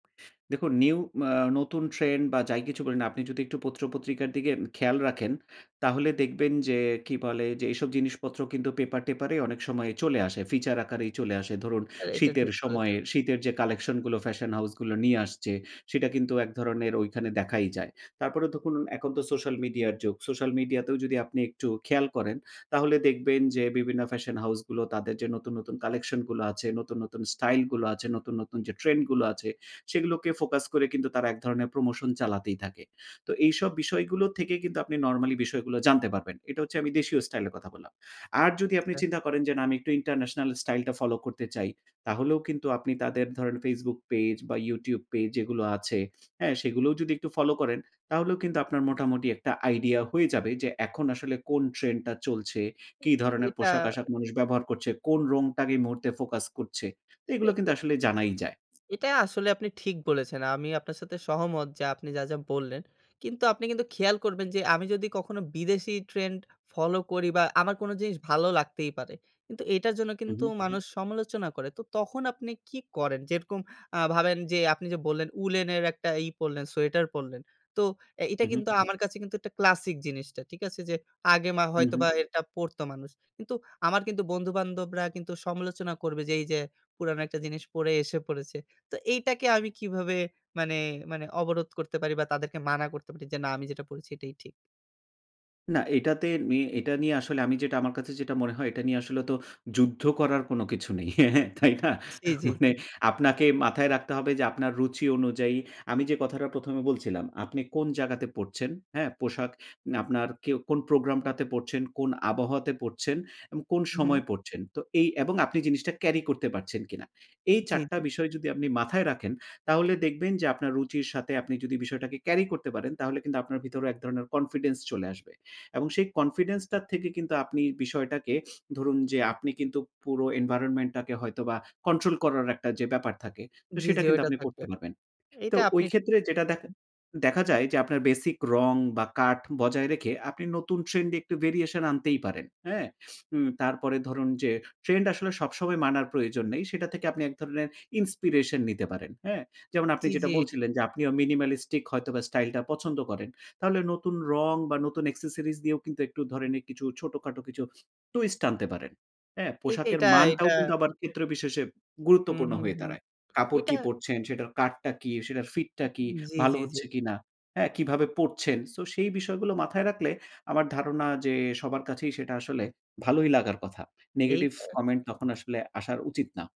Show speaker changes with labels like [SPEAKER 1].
[SPEAKER 1] দেখুন, নিউ মা নতুন ট্রেন্ড বা যাই কিছু বলি না, আপনি যদি একটু পত্র-পত্রিকার দিকে উম খেয়াল রাখেন, তাহলে দেখবেন যে কি বলে? যে, এসব জিনিসপত্র কিন্তু পেপার-টেপারে অনেক সময় চলে আসে। ফিচার আকারেই চলে আসে ধরুন,
[SPEAKER 2] এ এইটা
[SPEAKER 1] শীতের
[SPEAKER 2] ঠিক
[SPEAKER 1] সময়
[SPEAKER 2] বলেছেন।
[SPEAKER 1] শীতের যে কালেকশন গুলো ফ্যাশন হাউস গুলো নিয়ে আসছে, সেটা কিন্তু এক ধরণের ঐখানে দেখাই যায়। তারপরে দেখুন, এখন তো সোশ্যাল মিডিয়ার যুগ। সোশ্যাল মিডিয়া তেও যদি আপনি একটু খেয়াল করেন, তাহলে দেখবেন যে বিভিন্ন ফ্যাশন হাউস গুলো তাদের যে নতুন, নতুন কালেকশন গুলো আছে, নতুন, নতুন স্টাইল গুলো আছে, নতুন, নতুন যে ট্রেন্ড গুলো আছে। সেগুলোকে ফোকাস করে কিন্তু তারা এক ধরনের প্রমোশন চালাতেই থাকে। তো এইসব বিষয়গুলো থেকে কিন্তু আপনি নরমালি বিষয়গুলো জানতে পারবেন। এটা হচ্ছে আমি দেশীয় স্টাইল এর কথা বললাম। আর যদি আপনি
[SPEAKER 2] অ্যা
[SPEAKER 1] চিন্তা করেন যে "না, আমি একটু ইন্টারন্যাশনাল স্টাইলটা ফলো করতে চাই।" তাহলেও কিন্তু আপনি তাদের ধরেন Facebook পেজ বা YouTube পেজ যেগুলো আছে, হ্যাঁ? সেগুলোও যদি একটু ফলো করেন, তাহলেও কিন্তু আপনার মোটামুটি একটা আইডিয়া হয়ে যাবে যে এখন আসলে কোন ট্রেন্ডটা চলছে, কি
[SPEAKER 2] এ এ
[SPEAKER 1] ধরনের
[SPEAKER 2] এটা
[SPEAKER 1] পোশাক-আশাক মানুষ ব্যবহার করছে, কোন রংটাকে এই মুহূর্তে ফোকাস করছে? তো
[SPEAKER 2] এ
[SPEAKER 1] এগুলা
[SPEAKER 2] এ
[SPEAKER 1] কিন্তু আসলে জানাই যায়।
[SPEAKER 2] এটা আসলে আপনি ঠিক বলেছেন। আমি আপনার সাথে সহমত যে আপনি যা, যা বললেন। কিন্তু আপনি কিন্তু খেয়াল করবেন যে আমি যদি কখনো বিদেশি ট্রেন্ড ফলো করি বা আমার কোন জিনিস ভালো লাগতেই পারে। কিন্তু এটার জন্য
[SPEAKER 1] হু,
[SPEAKER 2] কিন্তু
[SPEAKER 1] হু।
[SPEAKER 2] মানুষ সমালোচনা করে। তো তখন আপনি কি করেন? যেরকম, আ ভাবেন যে আপনি যে বললেন, উলের একটা ই পড়লেন সোয়েটার পড়লেন। তো এ এটা
[SPEAKER 1] উহু।
[SPEAKER 2] কিন্তু আমার কাছে কিন্তু একটা ক্লাসিক জিনিসটা। ঠিক আছে? যে আগে মা
[SPEAKER 1] হুম,
[SPEAKER 2] হয়তো
[SPEAKER 1] হুম।
[SPEAKER 2] বা এটা পড়তো মানুষ। কিন্তু আমার কিন্তু বন্ধু-বান্ধবরা কিন্তু সমালোচনা করবে যে এই যে, "পুরানো একটা জিনিস পড়ে এসে পড়েছে।" তো এইটাকে আমি কিভাবে মানে, মানে অবরোধ করতে পারি বা তাদেরকে মানা করতে পারি যে "না, আমি যেটা পড়েছি এটাই ঠিক।"
[SPEAKER 1] না এটাতে নি এটা নিয়ে আসলে আমি যেটা আমার কাছে যেটা মনে হয়, এটা নিয়ে আসলে তো যুদ্ধ করার কোন কিছু নেই। তাই না?
[SPEAKER 2] সি জি, জি।
[SPEAKER 1] মানে আপনাকে মাথায় রাখতে হবে যে আপনার রুচি অনুযায়ী আমি যে কথাটা ১ম এ বলছিলাম, আপনি কোন জায়গাতে পড়ছেন, হ্যাঁ? পোশাক নে আপনার কেউ, কোন প্রোগ্রামটাতে পড়ছেন, কোন আবহাওয়াতে পড়ছেন এবং কোন সময়
[SPEAKER 2] উহু।
[SPEAKER 1] পড়ছেন। তো এই এবং আপনি জিনিসটা ক্যারি করতে পারছেন কিনা? এই
[SPEAKER 2] জি,
[SPEAKER 1] ৪ টা
[SPEAKER 2] জি।
[SPEAKER 1] বিষয় যদি আপনি মাথায় রাখেন, তাহলে দেখবেন যে আপনার রুচির সাথে আপনি যদি বিষয়টাকে ক্যারি করে করতে পারেন, তাহলে কিন্তু আপনার ভেতরে এক ধরনের কনফিডেন্স চলে আসবে। এবং সেই কনফিডেন্স টার থেকে কিন্তু আপনি বিষয়টাকে ধরুন, যে আপনি কিন্তু পুরো environment টাকে হয়তোবা কন্ট্রোল করার একটা যে ব্যাপার থাকে, তো
[SPEAKER 2] জি,
[SPEAKER 1] সেটা
[SPEAKER 2] জি
[SPEAKER 1] কিন্তু
[SPEAKER 2] ওইটা
[SPEAKER 1] আপনি
[SPEAKER 2] থাকবে।
[SPEAKER 1] করতে পারবেন। তো
[SPEAKER 2] এটা
[SPEAKER 1] ওই
[SPEAKER 2] আপনি
[SPEAKER 1] ক্ষেত্রে যেটা দেখা দেখা যায় যে, আপনার বেসিক রং বা কাট বজায় রেখে, আপনি নতুন ট্রেন্ড এ একটু variation আনতেই পারেন। হ্যাঁ? উম তারপরে ধরুন, যে ট্রেন্ড আসলে সবসময় মানার প্রয়োজন নেই। সেটা থেকে আপনি এক ধরনের inspiration নিতে পারেন। হ্যাঁ? যেমন আপনি
[SPEAKER 2] চি
[SPEAKER 1] যেটা
[SPEAKER 2] জি।
[SPEAKER 1] বলছিলেন, যে আপনি minimalistic হয়তোবা স্টাইলটা পছন্দ করেন, তাহলে নতুন রং বা নতুন accessories দিয়েও কিন্তু একটু ধরেন এ কিছু ছোটখাটো কিছু twist আনতে পারেন। হ্যাঁ?
[SPEAKER 2] এই
[SPEAKER 1] পোশাকের
[SPEAKER 2] এটা, এটা
[SPEAKER 1] মানটাও কিন্তু আবার ক্ষেত্রবিশেষে
[SPEAKER 2] হুম,
[SPEAKER 1] গুরুত্বপূর্ণ
[SPEAKER 2] হুম,
[SPEAKER 1] হয়ে
[SPEAKER 2] হুম।
[SPEAKER 1] দাঁড়ায়। কাপড়
[SPEAKER 2] এটা
[SPEAKER 1] কি পরছেন, সেটার কাটটা কী, সেটার ফিটটা কি,
[SPEAKER 2] উম জি,
[SPEAKER 1] ভালো
[SPEAKER 2] জি, জি।
[SPEAKER 1] হচ্ছে কিনা, হ্যাঁ? কিভাবে পড়ছেন? সো সেই বিষয়গুলো মাথায় রাখলে আমার ধারণা যে, সবার কাছেই সেটা আসলে ভালোই লাগার কথা। নেগেটিভ
[SPEAKER 2] এইটা।
[SPEAKER 1] কমেন্ট তখন আসলে আসার উচিত না।